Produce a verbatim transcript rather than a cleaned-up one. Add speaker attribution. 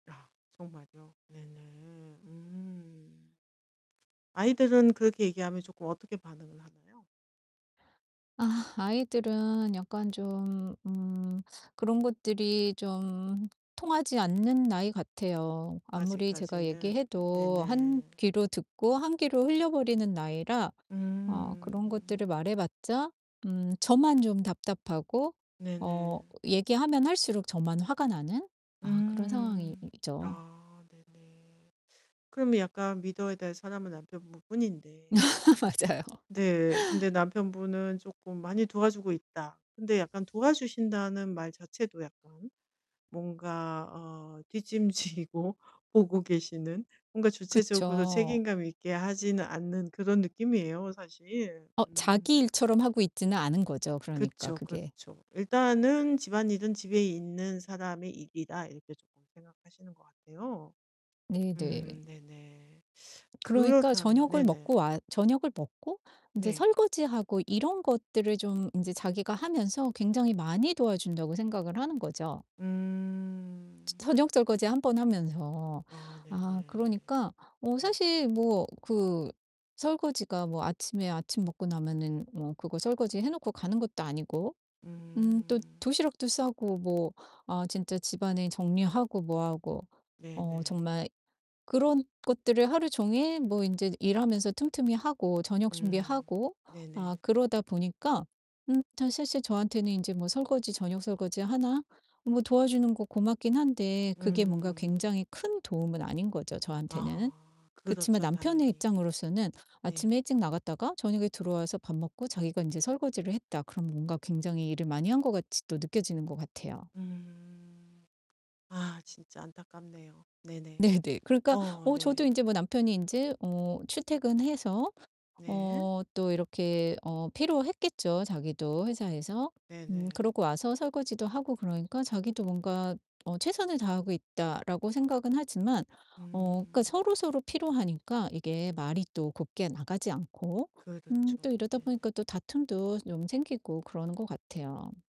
Speaker 1: 아, 정말이요? 네네. 음. 아이들은 그렇게 얘기하면 쪼끔 어떻게 반응을 하나요?
Speaker 2: 아 아이들은 약간 좀 음 그런 것들이 좀 통하지 않는 나이 같아요. 아무리 제가
Speaker 1: 아직까지는.
Speaker 2: 얘기해도 한
Speaker 1: 네네.
Speaker 2: 귀로 듣고 한 귀로 흘려버리는 나이라 어
Speaker 1: 음.
Speaker 2: 그런 것들을 말해 봤자 음 저만 좀 답답하고 어
Speaker 1: 네네.
Speaker 2: 얘기하면 할수록 저만 화가 나는 아 그런 상황이
Speaker 1: 음.
Speaker 2: 이죠.
Speaker 1: 아. 네네. 그러면 약간 믿어야 될 사람은 남편분 뿐인데
Speaker 2: 맞아요.
Speaker 1: 네 근데 남편분은 쪼끔 "많이 도와주고 있다." 근데 약간 도와주신다는 말 자체도 약간 뭔가 어 뒷짐 지고 보고 계시는 뭔가 주체적으로
Speaker 2: 그쵸.
Speaker 1: 책임감 있게 하지는 않는 그런 느낌이에요, 사실.
Speaker 2: 어
Speaker 1: 음.
Speaker 2: 자기 일처럼 하고 있지는 않은 거죠 그러니까
Speaker 1: 그쵸.
Speaker 2: 그게.
Speaker 1: 그렇죠. 일단은 '집안일은 집에 있는 사람의 일이다.' 이렇게 쪼끔 생각하시는 것 같아요. 음
Speaker 2: 네네.
Speaker 1: 네네.
Speaker 2: 그러니까
Speaker 1: 그렇다면
Speaker 2: 저녁을
Speaker 1: 네네.
Speaker 2: 먹고 와 저녁을 먹고 인제
Speaker 1: 네.
Speaker 2: 설거지하고 이런 것들을 좀 인제 자기가 하면서 굉장히 많이 도와준다고 생각을 하는 거죠. 저
Speaker 1: 음.
Speaker 2: 저녁 설거지 한 번 하면서.
Speaker 1: 아 네네.
Speaker 2: 아 그러니까 뭐
Speaker 1: 네.
Speaker 2: 사실 뭐 그 설거지가 뭐 아침에 아침 먹고 나면은 뭐 그거 설거지 해 놓고 가는 것도 아니고 음 또
Speaker 1: 음.
Speaker 2: 도시락도 싸고 뭐 아 진짜 집안에 정리하고 뭐 하고 어
Speaker 1: 네네.
Speaker 2: 정말 그런 것들을 하루 종일 뭐 인제 일하면서 틈틈이 하고 저녁
Speaker 1: 음.
Speaker 2: 준비하고 아
Speaker 1: 네네.
Speaker 2: 그러다 보니까 음 사실 실제 저한테는 이제 뭐 설거지 저녁 설거지 하나 뭐 도와주는 거 고맙기는 한데 그게 뭔가
Speaker 1: 음.
Speaker 2: 굉장히 큰 도움은 아닌 거죠 저한테는.
Speaker 1: 아.
Speaker 2: 그치만
Speaker 1: 그렇죠
Speaker 2: 남편의
Speaker 1: 당연히.
Speaker 2: 입장으로서는
Speaker 1: 네.
Speaker 2: '아침에 일찍 나갔다가 저녁에 들어와서 밥 먹고 자기가 인제 설거지를 했다.' 그럼 뭔가 굉장히 일을 많이 한 것 같이 또 느껴지는 것 같아요.
Speaker 1: 음. 아 진짜 안타깝네요. 네네.
Speaker 2: 네네. 그러니까
Speaker 1: 어
Speaker 2: 어 저도
Speaker 1: 네.
Speaker 2: 인제 뭐 남편이 인제 어 출퇴근해서 어
Speaker 1: 네.
Speaker 2: 또 이렇게 어 피로했겠죠 자기도 회사에서. 음
Speaker 1: 네네.
Speaker 2: 그러고 와서 설거지도 하고 그러니까 자기도 뭔가 어 '최선을 다하고 있다.'라고 생각은 하지만 어 그러니까
Speaker 1: 음.
Speaker 2: 서로서로 피로하니까 이게 말이 또 곱게 나가지 않고 음
Speaker 1: 그렇죠.
Speaker 2: 또 이러다
Speaker 1: 네.
Speaker 2: 보니까 또 다툼도 좀 생기고 그러는 것 같아요.